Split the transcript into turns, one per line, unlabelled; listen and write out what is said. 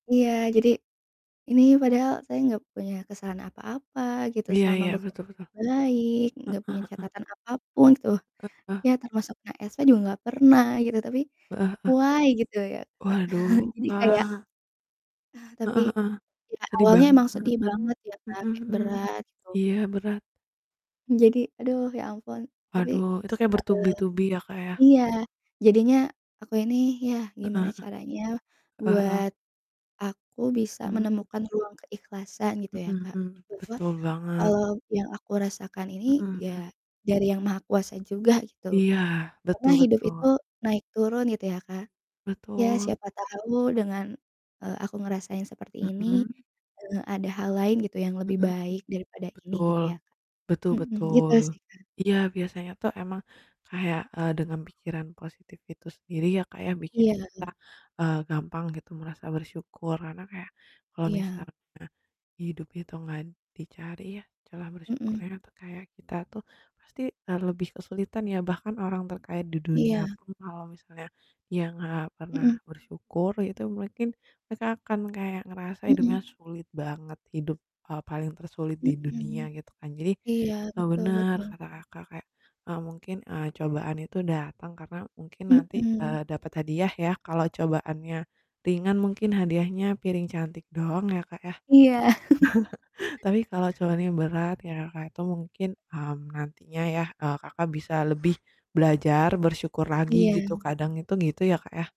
Iya, jadi ini padahal saya enggak punya kesalahan apa-apa gitu,
Iya
selama
iya,
bekerja
betul betul.
baik enggak
Heeh
punya
heeh.
catatan apapun tuh,
Heeh.
ya termasuk kena SP juga enggak pernah gitu, tapi
Heeh heeh.
why gitu ya Kak,
Waduh,
jadi kayak
Kak.
ah, tapi,
Heeh heeh.
iya
Sedih
awalnya
banget.
emang sedih banget ya Kak,
Mhm
kayak
mhm.
berat gitu.
Iya, berat.
Jadi, aduh ya ampun. Tapi
Aduh. Itu kaya
seta eee
bertubi-tubi ya Kak ya.
iya, jadinya aku ini ya
Heeh
gimana
heeh.
caranya
Heeh heeh.
buat aku bisa
Mhm
menemukan ruang keikhlasan gitu ya
Mhm
Kak,
mhm.
bahwa
Betul banget.
eee, yang aku rasakan ini
Mhm mhm.
ya dari Yang Maha Kuasa juga gitu,
Iya,
karena
betul
hidup itu
betul.
naik turun gitu ya Kak, ya
Betul.
siapa tahu dengan, eee, aku ngerasain seperti ini,
Mhm.
eee, ada hal lain gitu yang lebih
Mhm mhm.
baik daripada ini
Betul,
gitu ya, Kak.
betul
Mhm, gitu
betul.
sih Kak.
Iya biasanya tuh emang kayak, eee, dengan pikiran positif itu sendiri ya Kak ya, bikin
Iya.
kita, eee, gampang gitu merasa bersyukur, karena kayak kalau
Iya.
misalnya hidup itu gak dicari ya celah
Mhm.
bersyukurnya atau kayak kita tuh pasti, eee, lebih kesulitan ya, bahkan orang terkaya di dunia
Iya.
pun kalau misalnya dia gak pernah
Mhm.
bersyukur, itu mungkin mereka akan kayak ngerasa hidupnya
Mhm.
sulit banget. Hidup, eee, paling tersulit di dunia,
Mhm.
gitu kan. Jadi,
Iya,
eee,
betul
bener
betul.
kata Kakak kayak, eee, mungkin, eee, cobaan itu datang karena mungkin nanti,
Mhm.
eee, dapat hadiah ya, kalau cobaannya ringan mungkin hadiahnya piring cantik doang ya Kak ya.
Iya.
Tapi kalau cobaannya berat kayak Kakak itu mungkin, mmm, nantinya ya, eee, Kakak bisa lebih belajar bersyukur lagi gitu,
Iya.
kadang itu gitu ya Kak ya.